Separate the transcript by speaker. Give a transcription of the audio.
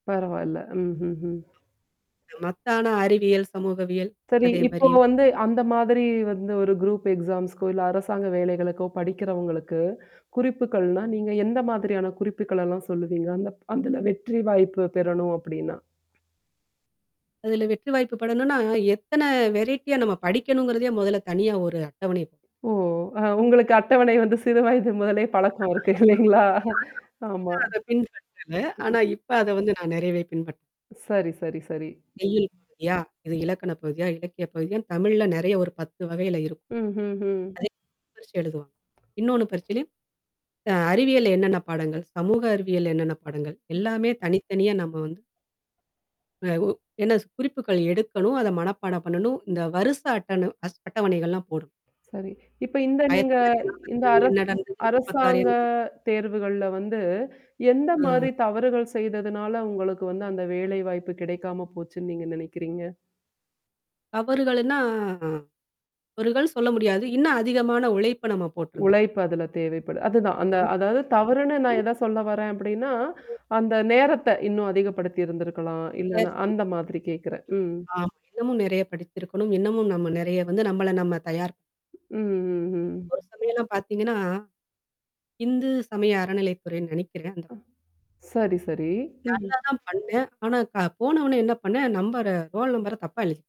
Speaker 1: பரவால்ல. ம்ஹ்ம்ஹ்ம்.
Speaker 2: மத்த ஆனா அறிவியல், சமூகவியல்.
Speaker 1: சரி,
Speaker 2: அதே
Speaker 1: இப்போ
Speaker 2: மாரியும்
Speaker 1: வந்து அந்த மாதிரி வந்து ஒரு குரூப் எக்ஸாம்ஸ்க்கோ, இல்ல அரசாங்க வேலைகளுக்கோ படிக்கிறவங்களுக்கு குறிப்புகள்னா, நீங்க எந்த மாதிரியான குறிப்புக்கள் எல்லாம் சொல்லுவீங்க? அந்த அதுல வெற்றி வாய்ப்பு பெறணும் அப்படின்னா?
Speaker 2: அதுல வெற்றி வாய்ப்பு படணும்னா, எத்தன வெரைட்டியா நம்ம படிக்கணுங்கிறதே மொதல்ல தனியா ஒரு அட்டவணையப்
Speaker 1: ஓ! அ உங்களுக்கு அட்டவணை வந்து சிறு வயது முதலே
Speaker 2: [unintelligible] ஆனா
Speaker 1: பழக்கம்
Speaker 2: அப்ப
Speaker 1: இருக்கு இலைங்களா? ஆமா.
Speaker 2: நான் அத பின்பற்றல.
Speaker 1: ம்.
Speaker 2: ஆனா இப்ப அத வந்து நான் நிறைவே பின்பற்றே
Speaker 1: சரி, சரி, சரி.
Speaker 2: செய்யுள் பகுதியா? இது இலக்கண பகுதியா? இலக்கிய பகுதியான்னு தமிழ்ல நெறைய ஒரு 10 வகையில இருக்கும்.
Speaker 1: ம்ஹ்ம்ஹ்ம்.
Speaker 2: அதேயே பிரிச்சு எழுதுவோம் இன்னொன்னு பரிச்சையிலயும் அ அறிவியல் என்னென்ன பாடங்கள், சமூக அறிவியல் என்னென்ன பாடங்கள், எல்லாமே தனித்தனியா நம்ம வந்து அ ஓ என்ன குறிப்புகள் எடுக்கணும். அத மனப்பாடம் பண்ணணும். இந்த வரிச அட்டணு அஸ் அட்டவணைகள்லாம் போடணும்.
Speaker 1: சரி. இப்ப இந்த
Speaker 2: ஆயிரத்தி
Speaker 1: நீங்க
Speaker 2: தொள்ளாயிரத்தி
Speaker 1: இந்த
Speaker 2: நாப்பதுகள்ல
Speaker 1: அரச
Speaker 2: என்ன நடந்தது? 46
Speaker 1: அரசாங்க
Speaker 2: என்ன நடந்தது?
Speaker 1: தேர்வுகள்ல வந்து, எந்த
Speaker 2: ம்.
Speaker 1: மாரி தவறுகள் செய்ததுனால உங்களுக்கு வந்து அந்த வேலைவாய்ப்பு கிடைக்காம போச்சுன்னு நீங்க நினைக்கிறீங்க?
Speaker 2: தவறுகள்னா அ. தவறுகள்ன்னு சொல்ல முடியாது. இன்னும் அதிகமான உழைப்ப நம்ம போட்டிருந்தருக்
Speaker 1: உழைப்பு அதுல தேவைப்படு. அதுதான். அந்த அதாவது தவறுன்னு நான் ஏதா
Speaker 2: [unintelligible]
Speaker 1: சொல்ல வரேன் அப்படின்னா,
Speaker 2: ம்.
Speaker 1: அந்த நேரத்த இன்னும் அதிகப்படுத்தி இருந்திருக்கலாம். இல்லன்னா
Speaker 2: [unintelligible]
Speaker 1: அந்த மாதிரி கேட்கறேன். ம்.
Speaker 2: ஆமா. இன்னமும் நறைய படிச்சிருக்கணும். இன்னமும் நம்ம நெறைய வந்து நம்மள நம்ம தயார்
Speaker 1: ம். ம்ஹ்ம்.
Speaker 2: ஒரு சமயம்லாம் பார்த்தீங்கன்னா. இந்து சமய அறநிலைத்துறைன்னு நினைக்கிறேன். அந்த
Speaker 1: அ. சரி, சரி.
Speaker 2: நல்லா
Speaker 1: ம்ஹ்ம்.
Speaker 2: தான் பண்ணேன். ஆனா க போன ஒன்னே என்ன பண்ணேன் நம்பர ரோல் நம்பர தப்பா எழுதிட்